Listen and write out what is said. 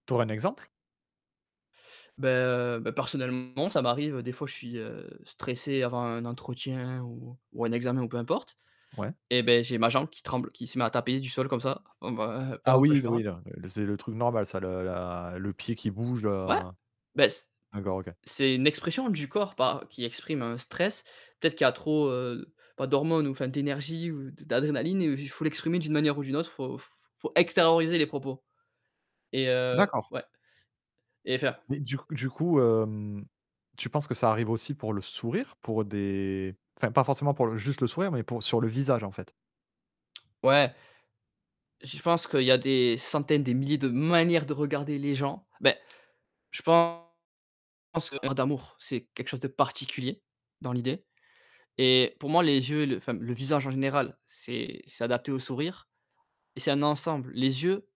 Tu aurais un exemple? Beh, heu, beh, personnellement, ça m'arrive, des fois je suis, heu, stressé avant un entretien ou ou un examen ou peu importe Ouais. et beh, j'ai ma jambe qui tremble, qui se met à taper du sol comme ça b b heu, Ah, pendant que oui je d parle. oui, non, le c'est le truc normal ça, le la le pied qui bouge, Ouais, heu, bah c d'accord, OK. c'est une expression du corps par qui exprime un stress. Peut-être qu'il y a trop, heu, pas d'hormones ou enfin d'énergie ou d d'adrénaline ou j faut l'exprimer d'une manière ou d'une autre, faut f faut extérioriser les propos. Et heu, D'accord. ouais et faire Mais du c du coup, hem, tu penses que ça arrive aussi pour le sourire? Pour des enfin pas forcément pour le juste le sourire, mais pour sur le visage en fait. Ouais. Je pense qu'il y a des centaines, des milliers de manières de regarder les gens. Beh, je pense qu'on parle d'amour, c'est quelque chose de particulier dans l'idée. Et pour moi les yeux, et le enfin le visage en général, c'est s'adapter au sourire et c'est un ensemble. Les yeux